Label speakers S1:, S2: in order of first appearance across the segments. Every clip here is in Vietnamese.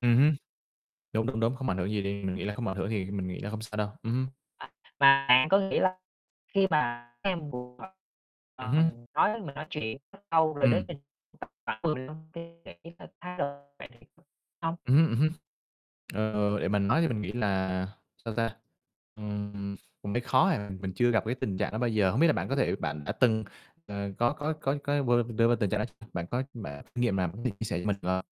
S1: Ừm hứm. Đúng, đúng, đúng, không ảnh hưởng gì đi, mình nghĩ là không ảnh hưởng thì mình nghĩ là hông sao đâu. Ừm hứm.
S2: À, mà bạn có nghĩ là khi mà các em buồn á,
S1: Ừm
S2: ờm,
S1: hứm.
S2: mình nói mình nói chuyện rất lâu là để
S1: Ừm.
S2: mình [unintelligible] hông?
S1: Ừm hứm, ừm hứm. Ờ, để mà nói thì mình nghĩ là sao ta, ừm, mới khó à, mình chưa gặp cái tình trạng đó bao giờ, hông biết là bạn có thể bạn đã từng, ờ, có có có có b đưa vô tình trạng đó bạn có bạn có kinh nghiệm nào có thể chia sẻ cho mình, được hông?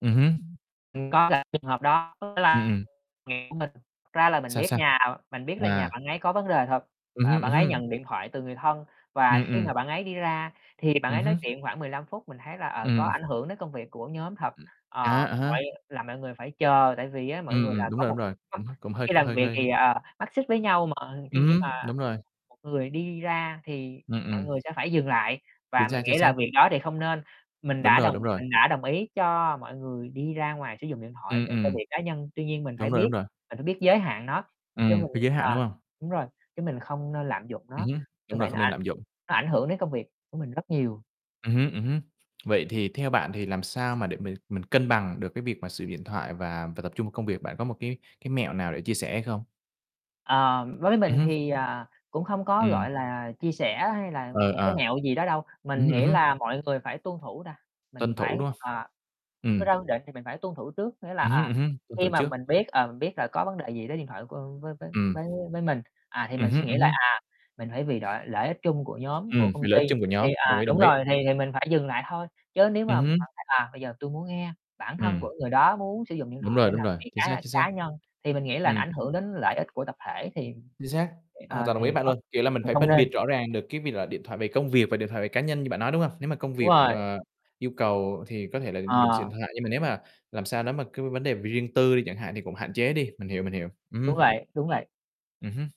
S1: Ừm hứm.
S2: Mình coi là trường hợp đó
S1: Ừm,
S2: là
S1: ừm.
S2: [unintelligible] của mình. Thật ra là mình
S1: Sao,
S2: biết
S1: sao?
S2: nhà mình biết là nhà
S1: À.
S2: bạn ấy có vấn đề thật,
S1: Ừm
S2: ờ,
S1: hứm, ừm
S2: bạn ấy
S1: hứm.
S2: nhận điện thoại từ người thân, và
S1: Ừm,
S2: khi
S1: ừm.
S2: mà bạn ấy đi ra thì bạn
S1: Ừm
S2: ấy nói
S1: hứm.
S2: chuyện khoảng 15 phút, mình thấy là, ờ, có
S1: Ừm.
S2: ảnh hưởng đến công việc của nhóm thật.
S1: À
S2: Ờ,
S1: há, à há.
S2: mọi làm mọi người phải chờ tại vì á, mỗi
S1: Ừm,
S2: người là
S1: ừm, đúng
S2: có
S1: rồi, đúng
S2: một
S1: rồi. Cũng h cũng hơi
S2: khi làm
S1: hơi
S2: việc
S1: hơi
S2: thì, ờ, mắt xích với nhau, mà thi
S1: Ừm
S2: khi mà
S1: hứm, đúng rồi.
S2: một người đi ra thì
S1: Ừm,
S2: mọi
S1: ừm.
S2: người sẽ phải dừng lại và
S1: Chính
S2: mình
S1: xác, chính
S2: nghĩ là
S1: xác.
S2: việc đó thì không nên. Mình
S1: Đúng
S2: đã
S1: rồi,
S2: đồng
S1: đúng rồi.
S2: mình đã đồng ý cho mọi người đi ra ngoài sử dụng điện thoại
S1: Ừm,
S2: để cho
S1: ừm.
S2: việc cá nhân. Tuy nhiên mình phải
S1: Đúng rồi,
S2: biết,
S1: đúng rồi.
S2: mình phải biết giới hạn nó,
S1: Ừm,
S2: chứ mình
S1: cái giới hạn,
S2: ờ,
S1: đúng hông?
S2: đúng rồi, chứ mình không nên lạm dụng
S1: Ừm
S2: nó.
S1: hứm,
S2: Như
S1: đúng rồi,
S2: vậy
S1: không
S2: nó
S1: nên
S2: ảnh
S1: lạm dụng.
S2: nó ảnh hưởng đến công việc của mình rất nhiều.
S1: Ừm hứm, ừm hứm. Vậy thì theo bạn thì làm sao mà để m mình cân bằng được cái việc mà sử dụng điện thoại và phải tập trung vào công việc? Bạn có một cái cái mẹo nào để chia sẻ hay không?
S2: Ờ, đối với
S1: Ừm
S2: mình
S1: hứm.
S2: thì, à, cũng không có,
S1: Ừm.
S2: gọi là, chia sẻ hay là
S1: Ừ,
S2: một cái
S1: à.
S2: mẹo gì đó đâu.
S1: Ừm
S2: Mình
S1: hứm, ừm
S2: nghĩ
S1: hứm.
S2: là mọi người phải tuân thủ ta, mình
S1: Tuân thủ,
S2: phải
S1: đúng hông?
S2: à, đưa
S1: Ừm.
S2: ra quy định thì mình phải tuân thủ trước. Nghĩa là,
S1: Ừm hứm,
S2: à,
S1: ừm hứm, tuân thủ
S2: khi mà
S1: trước.
S2: mình biết, ờ, biết là có vấn đề gì tới điện thoại của với với
S1: Ừm.
S2: với với mình, à, thì
S1: Ừm
S2: mình suy
S1: hứm,
S2: nghĩ
S1: ừm
S2: là,
S1: hứm.
S2: à, mình phải vì đội lợi ích chung của nhóm, của
S1: Ừm,
S2: công
S1: vì lợi
S2: ty,
S1: ích chung của
S2: thì,
S1: nhóm, đồng
S2: à
S1: ý,
S2: đúng
S1: đồng ý.
S2: rồi, thì thì mình phải dừng lại thôi. Chứ nếu
S1: Ừm
S2: mà bạn
S1: hứm.
S2: thấy, à, bây giờ tui muốn nghe, bản thân của
S1: Ừm.
S2: người đó muốn sử dụng điện
S1: Đúng
S2: thoại để
S1: rồi, đúng
S2: làm
S1: rồi,
S2: việc
S1: chính xác,
S2: cá
S1: chính xác.
S2: cá nhân, thì mình nghĩ là nó
S1: Ừm.
S2: ảnh hưởng đến lợi ích g của tập thể thì,
S1: Chính xác, hoàn
S2: ờ,
S1: toàn đồng
S2: thì ờ,
S1: ý với
S2: thì
S1: bạn
S2: không
S1: luôn, kiểu là mình
S2: mình
S1: phải
S2: không
S1: phân
S2: nên.
S1: biệt rõ ràng được cái việc là điện thoại về công việc và điện thoại về cá nhân như bạn nói, đúng hông? Nếu mà công
S2: Đúng
S1: việc,
S2: rồi.
S1: ờ, yêu cầu thì có thể là dùng
S2: Ờ.
S1: sim điện thoại. Nhưng mà nếu mà làm sao nếu mà cứ vấn đề riêng tư đi chẳng hạn thì cũng hạn chế đi. Mình hiểu, mình hiểu. Ừm
S2: Đúng
S1: hứm.
S2: vậy, đúng vậy.
S1: Ừm hứm.